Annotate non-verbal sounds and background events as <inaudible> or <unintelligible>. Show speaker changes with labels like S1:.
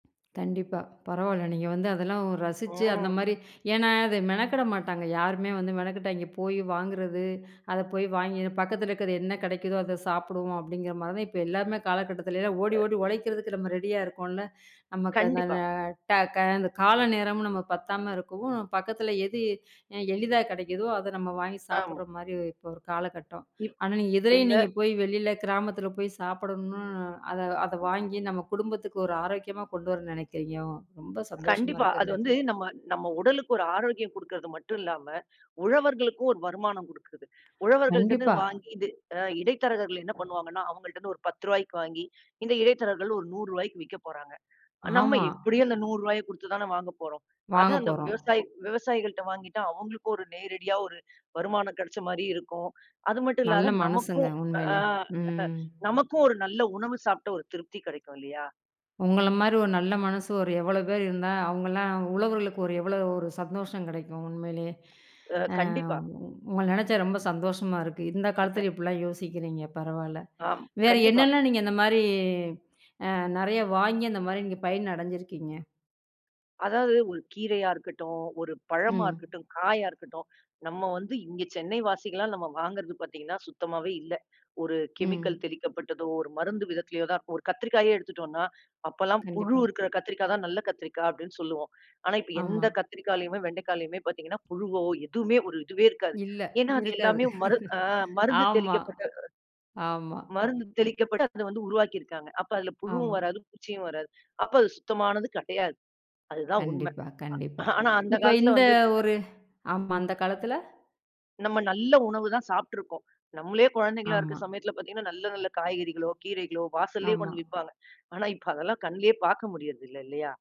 S1: கண்டிப்பா. பரவால்ல. நீங்க வந்து அதெல்லாம் ரசிச்சு அந்த
S2: ம்.
S1: மாரி, ஏனா அது மெனக்கெட மாட்டாங்க. யாருமே வந்து மெனக்கெட்டு அங்க போய் வாங்குறது, அத போய் வாங்கி பக்கத்துல இருக்கிறது என்ன கெடைக்குதோ அத சாப்பிடுவோம் அப்டிங்கற மாரி. இப்ப எல்லாருமே காலகட்டத்தில எல்லா ஓடி ஓடி உழைக்கிறதுக்கு நம்ம ரெடியா இருக்கோம்ல. நமக்கு
S2: கண்டிப்பா.
S1: <unintelligible> ட க கால நேரம் நமக்குப் பத்தாம இருக்கவும், பக்கத்துல எது அ எளிதா கெடைக்குதோ, அத நம்ம வாங்கி
S2: ஆமா.
S1: சாப்டுற மாரி இப்ப ஒரு காலகட்டம்.
S2: இப்
S1: ஆனா இதுலயும்
S2: இந்த.
S1: நீங்கப் போய் வெளியில கிராமத்துல போய் சாப்பிடணும்னு, அதை அதை வாங்கி நம்ம குடும்பத்துக்கு ஒரு ஆரோக்கியமா கொண்டு வர நெனைக்கிறீங்க. ரொம்ப சந்தோஷமா
S2: கண்டிப்பா. அது
S1: இருக்குங்க.
S2: வந்து நம்ம நம்ம உடலுக்கு ஒரு ஆரோக்கியம் குடுக்கறது மட்டும் இல்லாம, உழவர்களுக்கும் ஒரு வருமானம் குடுக்குறது. உழவர்கள்டருந்து
S1: கண்டிப்பா.
S2: வாங்கி இது அ இடைத்தரகர்கள் என்ன பண்ணுவாங்கனா? அவங்கள்ட்ட இருந்து ஒரு 1௦ ரூபாய்க்கு வாங்கி, இந்த இடைத்தரகர்கள் ஒரு 100 ரூபாய்க்கு விக்கப்போறாங்க. நம்ம
S1: ஆமா.
S2: எப்படியோ அந்த 100 ரூபாய குடுத்துத் தான வாங்கப்போறோம். அதை அந்த
S1: வாங்கப்போறோம்.
S2: விவசாயி விவசாயிகள்ட்ட வாங்கிட்டா அவங்களுக்கு ஒரு நேரடியா ஒரு வருமானம் கிடைச்ச மாரி இருக்கும். அது மட்டும்
S1: நல்ல
S2: இல்லாத
S1: மனசுங்க
S2: நமக்கும் அ
S1: உண்மையில.
S2: அஹ
S1: ம்.
S2: நமக்கும் ஒரு நல்ல உணவு சாப்ட்ட ஒரு திருப்தி கெடைக்கும் இல்லையா?
S1: உங்கள மாரி ஒரு நல்ல மனசு ஒரு எவ்வளவு பேர் இருந்தா, அவங்கல்லா உழவர்களுக்கு ஒரு எவ்வளவு ஒரு சந்தோஷம் கெடைக்கும் உண்மையிலயே.
S2: அ
S1: அ
S2: கண்டிப்பா.
S1: உங் உங்கள நினைச்சா ரொம்ப சந்தோஷமா இருக்கு. இந்தக் காலத்துல
S2: <laughs>
S1: இப்டி எல்லாம் யோசிக்கிறீங்க. பரவாயில்ல.
S2: ஆம்.
S1: வேற
S2: கண்டிப்பா.
S1: என்னெல்லாம் நீங்க அந்த மாரி, அ நெறைய வாங்கி அந்த மாரி நீங்கப் பயன் அடைஞ்சிருக்கீங்க?
S2: அதாவது ஒரு கீரையா இருக்கட்டும், ஒரு பழமா
S1: ம்.
S2: இருக்கட்டும், காயா இருக்கட்டும். நம்ம வந்து இங்க சென்னை வாசிகளெல்லா நாம வாங்குறது பாத்தீங்கன்னா, சுத்தமாவே இல்ல. ஒரு கெமிக்கல்
S1: ம்.
S2: தெளிக்கப்பட்டதோ, ஒரு மருந்து விதத்திலோ தான் இருக்கும். ஒரு கத்திரிக்காயே எடுத்துட்டோனா, அப்பல்லாம் புழு
S1: கண்டிப்பா.
S2: இருக்கிற கத்திரிக்காய் தான் நல்ல கத்திரிக்காய் அப்டின்னு சொல்லுவோம். ஆனா இப்ப
S1: ஆமா.
S2: எந்தக் கத்திரிக்காய்ளையுமே, வெண்டைக்காளையுமே பார்த்தீங்கன்னா, புழுவோ எதுவுமே ஒரு இதுவே இருக்காது.
S1: இல்ல
S2: ஏன்னா அது
S1: இருக்காது.
S2: எல்லாமே மருந்து அ மருந்து
S1: ஆமா,
S2: தெளிக்கப்பட்ட,
S1: ஆமா.
S2: மருந்து தெளிக்கப்பட்டு அது உருவாக்கி இருக்காங்க. அப்ப அதுல புழுவும்
S1: ஆமா.
S2: வராது, பூச்சியும் வராது. அப்ப அது சுத்தமானது கெடையாது. அது தான் உண்மை.
S1: கண்டிப்பா,
S2: அ
S1: கண்டிப்பா.
S2: ஆனா அந்தக்
S1: இப்ப
S2: காலத்துல
S1: இந்த
S2: வந்து
S1: ஒரு, ஆமா அந்தக் காலத்துல
S2: நம்ம நல்ல உணவு தான் சாப்ட்டு இருக்கோம். நம்மளே குழந்தைகளா இருக்க
S1: ஆமா.
S2: சமயத்தில பாத்தீங்கன்னா நல்ல, நல்ல காய்கறிகளோ, கீரைகளோ வாசலே கொண்டு
S1: ஆமா.
S2: வந்து விப்பாங்க. ஆனா இப்ப அதெல்லாம் கண்லயே பாக்க முடியறது இல்ல இல்லையா?